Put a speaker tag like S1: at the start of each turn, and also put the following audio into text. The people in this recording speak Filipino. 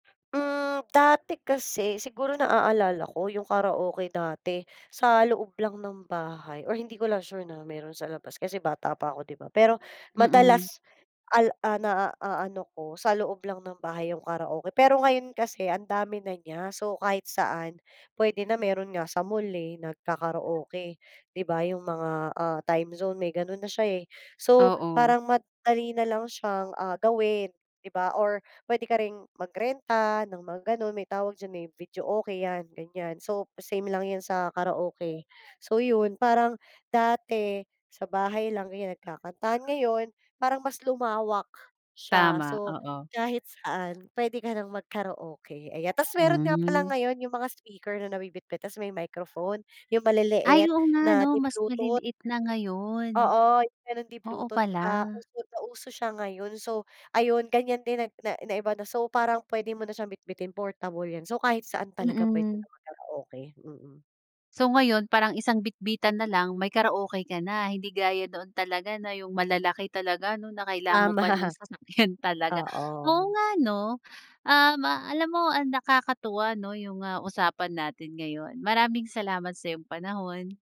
S1: Hmm, dati kasi siguro na-aalala ko yung karaoke dati sa loob lang ng bahay or hindi ko lang sure na meron sa labas kasi bata pa ako di ba, pero
S2: Mm.
S1: madalas al na-aano ko sa loob lang ng bahay yung karaoke. Pero ngayon kasi ang dami na niya so kahit saan pwede na meron nga sa mall, eh, nag-kakaroke, di ba yung mga, ah, Time Zone may ganun na siya, eh. So
S2: Oo.
S1: parang madali na lang siya, ah, gawin di ba? Or pwede ka ring mag renta ng mga ganun may tawag diyan, eh, videoke yan ganyan so same lang yan sa karaoke. So yun parang dati, sa bahay lang ganyan nagkakantahan ngayon, parang mas lumawak, siya,
S2: Tama,
S1: so
S2: oo.
S1: kahit saan pwede ka nang mag karaoke ayan. Tapos meron nga pala
S2: Hmm.
S1: ngayon yung mga speaker na nabibitbit tapos may microphone yung
S2: Ay
S1: maliliit
S2: oo nga
S1: na
S2: no mas
S1: di-bluetooth.
S2: maliliit na ngayon?
S1: Oo ganun
S2: Oo
S1: di-bluetooth di
S2: pala.
S1: ba uso na uso siya ngayon. So ayun ganyan din na na iba na so parang pwede mo siyang bitbitin portable yan so kahit saan talaga pwede ng
S2: Mm.
S1: mag karaoke, mm.
S2: So, ngayon parang isang bitbitan nalang may karaoke ka na? Hindi gaya noon talaga na yung malalaki talaga no? Na kailangan mo pa ng
S1: Tama.
S2: sasakyan talaga,
S1: Oo.
S2: oo nga no. Um, alam mo ang nakakatuwa no yung, ah, usapan natin ngayon, maraming salamat sa iyong panahon.